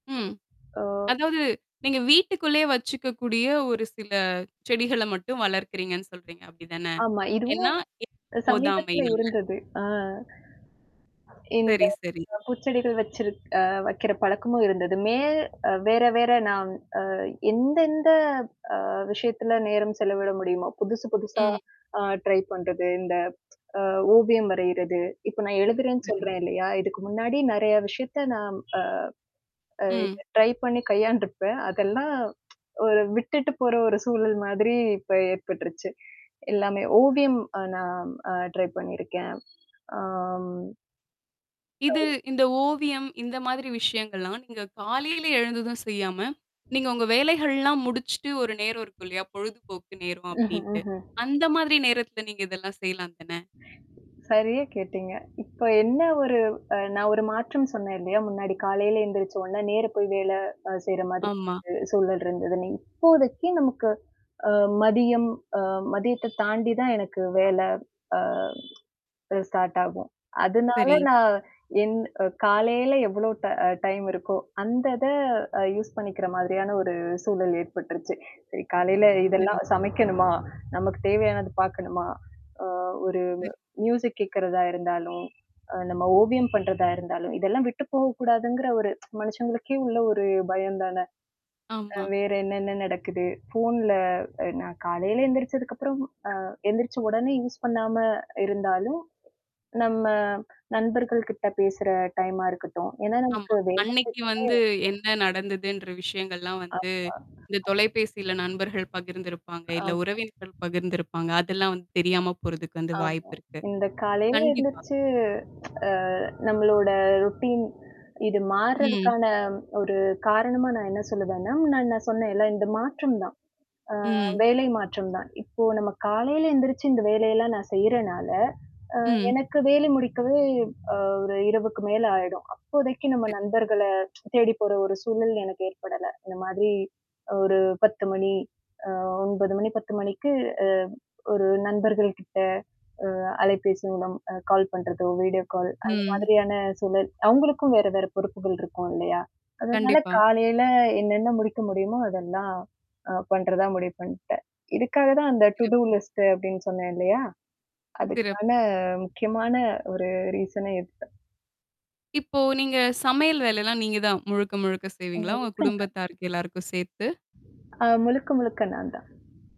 ம். ஆ. அதாவது, நீங்க வீட்டுக்குள்ளே வெச்சுக்கக் கூடிய ஒரு சில செடிகளை மட்டும் வளர்க்கிறீங்கன்னு சொல்றீங்க, அப்படித்தானே? ஆமா, இதுவும் ஏன்னா, இடப் சமீபத்துல போதாமையினால. இருந்தது. அ இந்த சரி, சரி. பூச்செடிகள் வெச்சிருக் வெக்கிற பழக்கமும் இருந்தது. மே வேற வேற நான் அ எந்தெந்த அ விஷயத்துல நேரம் செலவிட முடியுமோ, புதுசு புதுசா ம். ஆ ட்ரை பண்றது, இந்த ஓவியம் வரையறது, இப்ப நான் எழுதுறேன்னு வரும். சொல்றேன் இல்லையா, இதுக்கு முன்னாடி நிறைய விஷயத்தை நான் அ. ம். ட்ரை பண்ணிக் கையாண்டுருப்பேன். அதெல்லாம் ஒரு விட்டுட்டுப் போற ஒரு சூழல் மாதிரி இப்ப ஏற்பட்டுருச்சு. எல்லாமே, ஓவியம் நான் அ ட்ரை பண்ணிருக்கேன். ஆம். ஆ. இது இந்த ஓவியம், இந்த மாதிரி விஷயங்கள்லாம் நீங்க காலையில எழுந்ததும் செய்யாம, நீங்க உங்க வேலைகள் எல்லாம் முடிச்சுட்டு ஒரு நேரம் இருக்கும் இல்லையா? பொழுதுபோக்கு நேரம் ம்ஹ்ம். அப்படின்னுட்டு. ம்ஹ்ம். அந்த மாதிரி நேரத்துல நீங்க இதெல்லாம் செய்யலாம்தானே? சரியா கேட்டீங்க. இப்ப என்ன ஒரு அ, நான் ஒரு மாற்றம் சொன்னேன் இல்லையா? முன்னாடி காலையில எந்திரிச்ச உடனே நேரா போய் அ வேலை செய்ற மாதிரி ஆமா. ஒரு சூழல் இருந்ததுன்னு. இப்போதைக்கு நமக்கு மதியம் அ மதியத்தை தாண்டித்தான் எனக்கு வேலை அ ஸ்டார்ட் ஆகும். அதனால சரி. நான் என்ன காலையில எவ்வளோ ட டைம் இருக்கோ, அந்த இதை யூஸ் பண்ணிக்கிற மாதிரியான ஒரு சூழல் ஏற்பட்டுருச்சு. சரி, காலையில சரி. இதெல்லாம் சமைக்கணுமா, நமக்குத் தேவையானது பாக்கணுமா, அ ஒரு சரி. மியூசிக் கேக்குறதா இருந்தாலும், அ, நம்ம ஓவியம் பண்றதா இருந்தாலும், இதெல்லாம் விட்டுப் போகக் கூடாதுங்கிற ஒரு மனுஷங்களுக்கே உள்ள ஒரு பயம்தானே? ஆமா. வேற என்னென்ன நடக்குது, போன்ல நான் காலையில எந்திரிச்சதுக்கு அப்புறம், அ எந்திரிச்ச உடனே யூஸ் பண்ணாம இருந்தாலும், நம்ம நண்பர்கள் கிட்ட பேசுற டைம் ஆ இருக்கட்டும். ஏன்னா ஆமா, நமக்கு வேலை செய்யறதே அன்னைக்கு வந்து என்ன நடந்ததுன்ற விஷயங்கள்லாம் வந்து, ஆமா. இந்த தொலைபேசியில நண்பர்கள் பகிர்ந்திருப்பாங்க, இல்லை ஆமா. உறவினர்கள் பகிர்ந்திருப்பாங்க. அதெல்லாம் வந்து தெரியாமப் போறதுக்கு வந்து ஆமா, வாய்ப்பு இருக்கு. இந்த காலையில கண்டிப்பா. எந்திரிச்சு நம்மளோட ரொட்டீன் இது ம். மார்றதுக்கான ஒரு காரணமா நான் என்ன சொல்லுவேன்னா, முன்னாடி நான் சொன்னேன்ல, இந்த மாற்றம்தான், அ ம். வேலை மாற்றம்தான். இப்போ நம்ம காலையில எந்திரிச்சு இந்த வேலையெல்லாம் நான் செய்யறனால, அ, ம். எனக்கு வேலை முடிக்கவே அ ஒரு இரவுக்கு மேல ஆயிடும். அப்போதைக்கு நம்ம சரி. நண்பர்கள தேடிப் போற ஒரு சூழல் எனக்கு ஏற்படல. இந்த மாதிரி ஒரு 10:00 மணி அ 9:00 மணி, 10:00 மணிக்கு அ ஒரு நண்பர்கள் கிட்ட, அ, அலைபேசி மூலம் கால் பண்றதோ, வீடியோ கால் அந்த ம். மாதிரியான சூழல். அவங்களுக்கும் வேற வேற பொறுப்புகள் இருக்கும் இல்லையா? அதனால கண்டிப்பா. காலையில என்னென்ன முடிக்க முடியுமோ, அதெல்லாம் அ பண்றதா முடிவு பண்ணிட்டேன். இதுக்காகத்தான் அந்த டு டூ சிறப்பு. லிஸ்ட் அப்படின்னு சொன்னேன் இல்லையா? சிறப்பு. அதுக்கான முக்கியமான ஒரு ரீசனே இதுதான். இப்போ நீங்க சமையல் வேலையெல்லாம் நீங்கதான் முழுக்க முழுக்கச் அ செய்வீங்களா, உங்க இருக்குங்க. குடும்பத்தாருக்கு எல்லாருக்கும் சேர்த்து? ஆ முழுக்க, முழுக்க நான் தான்.